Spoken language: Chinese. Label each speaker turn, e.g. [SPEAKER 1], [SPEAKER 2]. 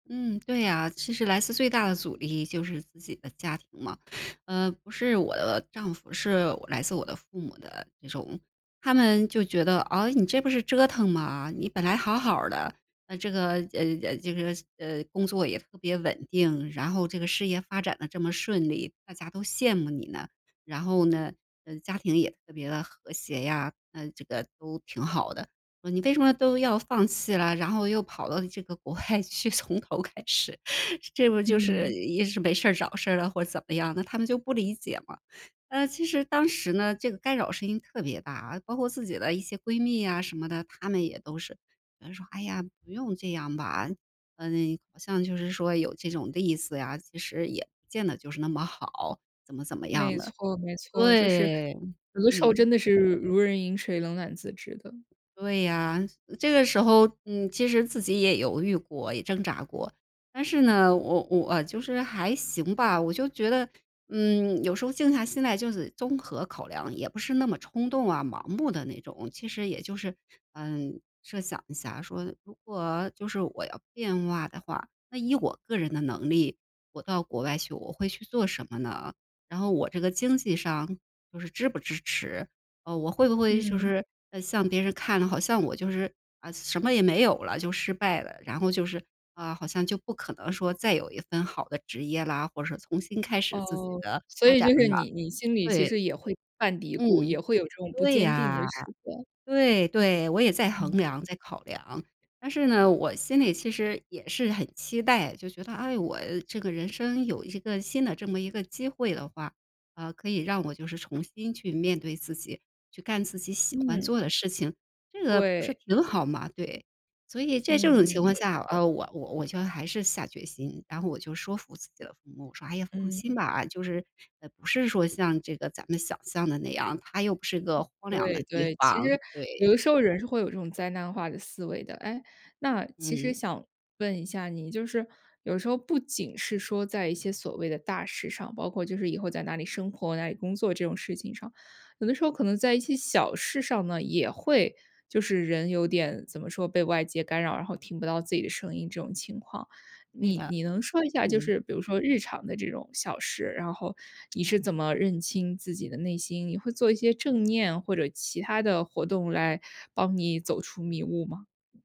[SPEAKER 1] 嗯，对呀，其实来自最大的阻力就是自己的家庭嘛。呃，不是我的丈夫，是来自我的父母的这种。他们就觉得：“啊，你这不是折腾吗？你本来好好儿的，那这个呃，这个呃，工作也特别稳定，然后这个事业发展得这么顺利，大家都羡慕你了，然后呢家庭也特别地和谐呀，那这个都挺好的，你为什么都要放弃了，然后又跑到这个国外去，从头开始。”这不就是
[SPEAKER 2] 嗯。
[SPEAKER 1] 也是没事儿找事儿了或者怎么样，那他们就不理解嘛。呃，其实当时呢，这个干扰声音特别大，包括自己的一些闺蜜呀什么的，她们也都是，嗯，说：“哎呀，不用这样吧。”嗯，好像就是说有这种例子呀，其实也不见得就是那么好，怎么怎么
[SPEAKER 2] 没
[SPEAKER 1] 样的。
[SPEAKER 2] 错没错，就是
[SPEAKER 1] 对，
[SPEAKER 2] 有的时候
[SPEAKER 1] 嗯。
[SPEAKER 2] 真的是如如人饮水冷暖自知的。
[SPEAKER 1] 对呀，这个时候，嗯，其实自己也犹豫过，也挣扎过，但是呢，我我，呃，就是还行吧，我就觉得，嗯，有时候静下心来就是综合考量，也不是那么冲动啊盲目的那种，其实也就是嗯，设想一下说如果就是我要变化的话，那以我个人的能力，我到国外去我会去做什么呢？然后我这个经济上就是支不支持。啊，我会不会就
[SPEAKER 2] 嗯。
[SPEAKER 1] 是向别人看了，好像我就是啊，什么也没有了，就失败了，然后就是，啊，好像就不可能说再有一份好的职业啦，或者重新开始自己
[SPEAKER 2] 哦，
[SPEAKER 1] 的
[SPEAKER 2] 所
[SPEAKER 1] 发
[SPEAKER 2] 以就
[SPEAKER 1] 展了，
[SPEAKER 2] 是你你心里其
[SPEAKER 1] 对。
[SPEAKER 2] 实也会犯嘀咕，
[SPEAKER 1] 嗯，
[SPEAKER 2] 也会有这种不
[SPEAKER 1] 对
[SPEAKER 2] 坚定的
[SPEAKER 1] 啊，
[SPEAKER 2] 时刻。
[SPEAKER 1] 对对，我也在衡
[SPEAKER 2] 嗯。
[SPEAKER 1] 量在考量。但是呢，我心里其实也是很期待，就觉得哎，我这个人生有一个新的这么一个机会的话，啊，可以让我就是重新去面对自己，去干自己喜欢做
[SPEAKER 2] 嗯。
[SPEAKER 1] 的事情，这个不是
[SPEAKER 2] 对。
[SPEAKER 1] 挺好吗？对。所以在这
[SPEAKER 2] 嗯-嗯，
[SPEAKER 1] 种情况
[SPEAKER 2] 没
[SPEAKER 1] 下，
[SPEAKER 2] 错。
[SPEAKER 1] 呃，我我我觉得还是下决心，然后我就说服自己的父母，我说：“哎呀，放心
[SPEAKER 2] 嗯。
[SPEAKER 1] 吧，就是不是说像这个咱们想象的那样，它又不是一个荒凉的
[SPEAKER 2] 对
[SPEAKER 1] 地
[SPEAKER 2] 对，其
[SPEAKER 1] 方。”
[SPEAKER 2] 实有
[SPEAKER 1] 对。
[SPEAKER 2] 的时候人是会有这种灾难化的思维的。哎，那其实
[SPEAKER 1] 嗯。
[SPEAKER 2] 想问一下你，就是有时候不仅是说在一些所谓的大事上，包括就是以后在哪里生活，哪里工作这种事情上，有的时候可能在一些小事上呢，也会就是人有点怎么说，被外界干扰，然后听不到自己的声音这种情况。
[SPEAKER 1] 对
[SPEAKER 2] 你
[SPEAKER 1] 的，
[SPEAKER 2] 你能说一下，就
[SPEAKER 1] 嗯。
[SPEAKER 2] 是比如说日常的这种小事，然后你是怎么认清自己的内心，你会做一些正念或者其他的活动来帮你走出迷雾吗？